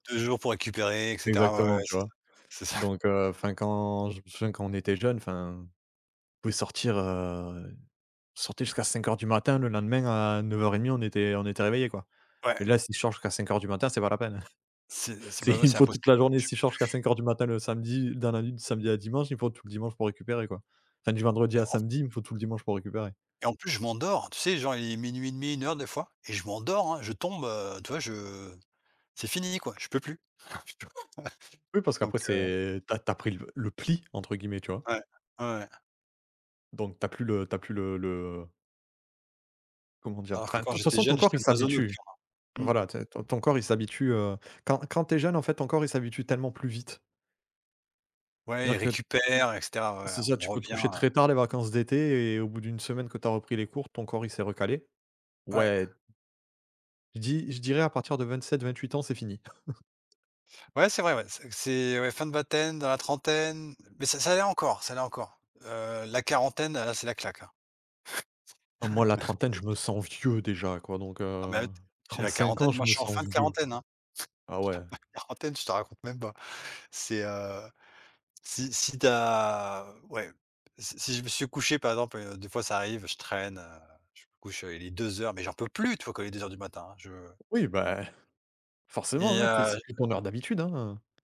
2 jours pour récupérer, et cetera, ouais, ouais, Exactement, ouais, tu c'est ça, vois. c'est ça. Donc heu, enfin, quand je me souviens quand on était jeune, enfin, on pouvait sortir, heu, on sortait jusqu'à 5:00 du matin le lendemain à 9:30 on était on était réveillé quoi. Ouais. Et là si je sors jusqu'à 5:00 du matin c'est pas la peine. C'est c'est bah C'est moi, il me c'est faut toute impossible, la journée je si je peux sors jusqu'à plus. 5:00 du matin le samedi, dans la nuit du samedi à dimanche, il me faut tout le dimanche pour récupérer quoi. Enfin, du vendredi Et à en f samedi, il me faut tout le dimanche pour récupérer. et en plus je m'endors, tu sais genre il est 00:30-1:00 des fois et je m'endors, hein, je tombe, heu, tu vois, je c'est fini quoi, je peux plus. Oh. [unintelligible] Oui parce Ouais. Donc qu'après heu c'est tu as tu as pris le le pli entre guillemets, tu vois? Ouais. Ouais, ouais. Donc tu as plus le tu as plus le le comment dire? Alors que Enfin, quand toute j'étais façon ton jeune, corps j'étais il un oiseau s'habitue. nocturne, hein, mmh. Voilà, tu sais, ton ton corps il s'habitue, heu, quand quand tu es jeune en fait ton corps il s'habitue tellement plus vite. Ouais, Dire il que récupère, et cetera, ouais c'est-à-dire on tu peux te revient, coucher heu très tard les vacances d'été et au bout d'une semaine que tu as repris les cours, ton corps il s'est recalé. Ouais. Ouais. Je dis je dirais à partir de 27-28 ans c'est fini. Ouais, c'est vrai ouais, c c'est, ouais, fin de vingtaine, dans la trentaine, mais ça ça allait encore, ça allait encore, heu, la quarantaine, là, c'est la claque, là. Moi la trentaine je me C'est sens vieux déjà quoi, donc Non heu, mais at j'ai la 35 ans quarantaine, je moi je me suis en sens fin de vieux. quarantaine, hein. Ah ouais. Je suis en fin de quarantaine, je te raconte même pas. C'est, heu, si si tu as, ouais, si si je me suis couché, par exemple, heu, des fois, ça arrive, je traîne, heu, je me couche, heu, il est 2:00 mais j'en peux plus, tu vois, quand il est 2:00 du matin, hein, je Oui ben, forcément, Et hein, tu es c'est heu plus ton heure d'habitude, hein.